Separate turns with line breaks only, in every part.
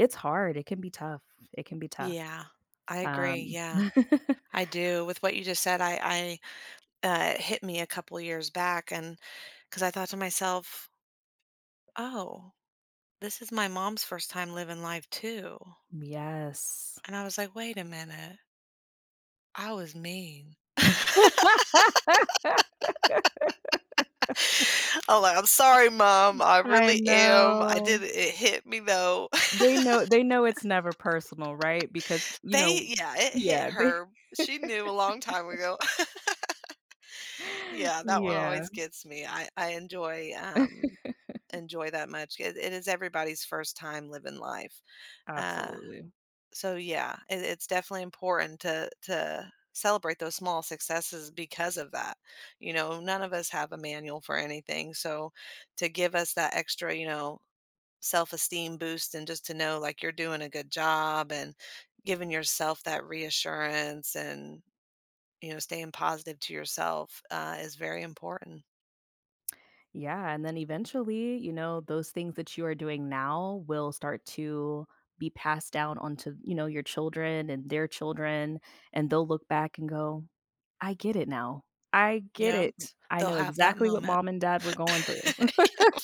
It's hard, it can be tough, it can be tough.
Yeah. I agree,
Um
yeah. I do. With what you just said, I I uh, hit me a couple years back and 'cause I thought to myself, "Oh, this is my mom's 1st time living life too."
M Yes.
And I was like, "Wait a minute" "I was mean." I'm like, "I'm sorry, mom, I
I
really am, I
know.
didn't it hit me though."
They know they know it's never personal, right? Because, you
They
know
yeah, it hit
yeah, they
her. She knew a long time ago. Yeah, that one
Yeah.
always gets me. I I enjoy, um enjoy that much. It It Is everybody's 1st time living life. Uh,
Absolutely.
so yeah, i it's definitely important to to celebrate those small successes because of that. You know, none of us have a manual for anything, so to give us that extra, you know, self-esteem boost and just to know, like, you're doing a good job and giving yourself that reassurance and, you know, staying positive to yourself, uh, is very important.
Yeah, and then eventually, you know, those things that you are doing now will start to be passed down onto, you know, your children and their children, and they'll look back and go, "I get it now. I get
Yup.
it. I
They'll
know
have that
exactly what
moment.
mom and dad were going through."
Yep.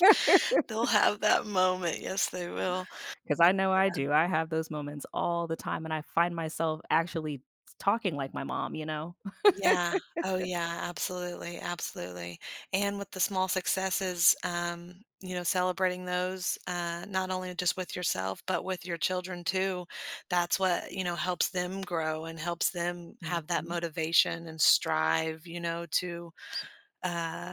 They'll have that moment, yes they will.
'Cause
Uh,
I know I
yeah.
do, I have those moments all the time, and I find myself actually t talking like my mom, you know?
Yeah. Oh, yeah, absolutely, absolutely. And with the small successes, um, you know, celebrating those, uh, not only just with yourself, but with your children too, that's what, you know, helps them grow and helps them have that
Mhm.
motivation and strive, you know, to, uh